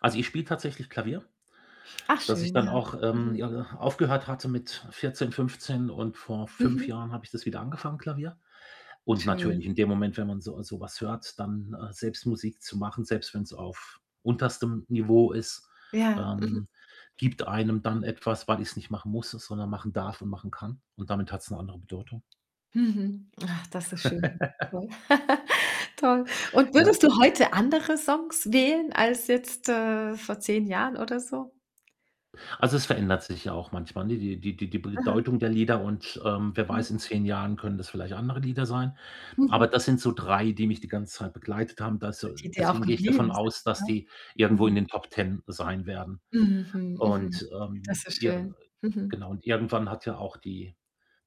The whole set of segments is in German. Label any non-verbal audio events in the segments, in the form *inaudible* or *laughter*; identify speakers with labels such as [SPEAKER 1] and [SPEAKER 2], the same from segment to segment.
[SPEAKER 1] Also, ich spiele tatsächlich Klavier,
[SPEAKER 2] Ach,
[SPEAKER 1] das ich
[SPEAKER 2] schön,
[SPEAKER 1] dann
[SPEAKER 2] ja.
[SPEAKER 1] auch, ähm,
[SPEAKER 2] Mhm.
[SPEAKER 1] j aufgehört hatte mit 14, 15 und vor 5
[SPEAKER 2] Mhm.
[SPEAKER 1] Jahren habe ich das wieder angefangen, Klavier. Und natürlich,
[SPEAKER 2] Schön.
[SPEAKER 1] in dem Moment, wenn man so so was hört, dann, äh, selbst Musik zu machen, selbst wenn's auf unterstem Niveau ist,
[SPEAKER 2] Ja, mhm.
[SPEAKER 1] ähm, gibt einem dann etwas, weil ich's nicht machen musste, sondern machen darf und machen kann. Und damit hat's eine andere Bedeutung.
[SPEAKER 2] Mhm. Ach, das ist schön.
[SPEAKER 1] *giggles*
[SPEAKER 2] Toll, *laughs* toll. Und
[SPEAKER 1] Ja.
[SPEAKER 2] würdest du heute andere Songs wählen als jetzt, äh, vor 10 Jahren oder so?
[SPEAKER 1] Also, es verändert sich ja auch manchmal, ne? Die die die die B
[SPEAKER 2] Aha.
[SPEAKER 1] bedeutung der Lieder und ähm, wer
[SPEAKER 2] Mhm.
[SPEAKER 1] weiß, in 10 Jahren können das vielleicht andere Lieder sein. Aber
[SPEAKER 2] Mhm.
[SPEAKER 1] das sind so 3, die mich die ganze Zeit begleitet haben. Da so
[SPEAKER 2] Die dir auch
[SPEAKER 1] deswegen gehe ich davon
[SPEAKER 2] geblieben sind,
[SPEAKER 1] aus, dass
[SPEAKER 2] ne?
[SPEAKER 1] die irgendwo in
[SPEAKER 2] Mhm.
[SPEAKER 1] den Top 10 sein werden.
[SPEAKER 2] Mhm, mhm.
[SPEAKER 1] Und, ähm,
[SPEAKER 2] Das ist
[SPEAKER 1] ja, äh,
[SPEAKER 2] schön. Mhm.
[SPEAKER 1] genau, und irgendwann hat ja auch die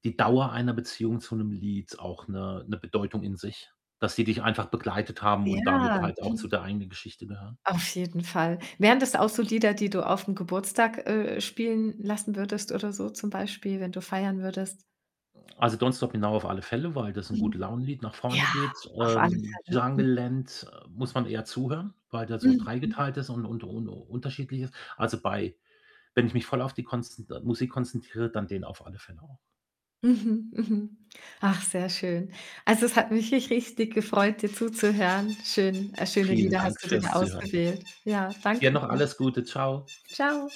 [SPEAKER 1] die Dauer einer Beziehung zu nem' Lied auch 'ne 'ne Bedeutung in sich, dass die dich einfach begleitet haben und damit
[SPEAKER 2] Ja,
[SPEAKER 1] halt auch zu
[SPEAKER 2] mhm.
[SPEAKER 1] der eigenen Geschichte gehören.
[SPEAKER 2] Auf jeden Fall. Wären das auch so Lieder, die du aufm Geburtstag, äh, spielen lassen würdest oder so zum Beispiel, wenn du feiern würdest?
[SPEAKER 1] Also, „Don't stop“ genau auf alle Fälle, weil das ist ein
[SPEAKER 2] Mhm,
[SPEAKER 1] Gute-Laune-Lied, nach vorne
[SPEAKER 2] ja,
[SPEAKER 1] geht.
[SPEAKER 2] auf alle
[SPEAKER 1] Ähm,
[SPEAKER 2] Fälle. Hm.
[SPEAKER 1] „Jungle Land“, äh, muss man eher zuhören, weil der so
[SPEAKER 2] Mhm.
[SPEAKER 1] dreigeteilt ist und und un unterschiedlich ist. Also bei wenn ich mich voll auf die kons Musik konzentriere, dann den auf alle Fälle auch.
[SPEAKER 2] Mhm, mhm. Ach, sehr schön. Also, es hat mich rich richtig gefreut, dir zuzuhören. Schön, äh, schöne
[SPEAKER 1] Vielen
[SPEAKER 2] Lieder hast
[SPEAKER 1] Dank
[SPEAKER 2] du dir da
[SPEAKER 1] fürs Zuhören.
[SPEAKER 2] ausgewählt. Ja,
[SPEAKER 1] Dir
[SPEAKER 2] danke
[SPEAKER 1] noch
[SPEAKER 2] dir.
[SPEAKER 1] alles Gute. Tschau.
[SPEAKER 2] Tschau.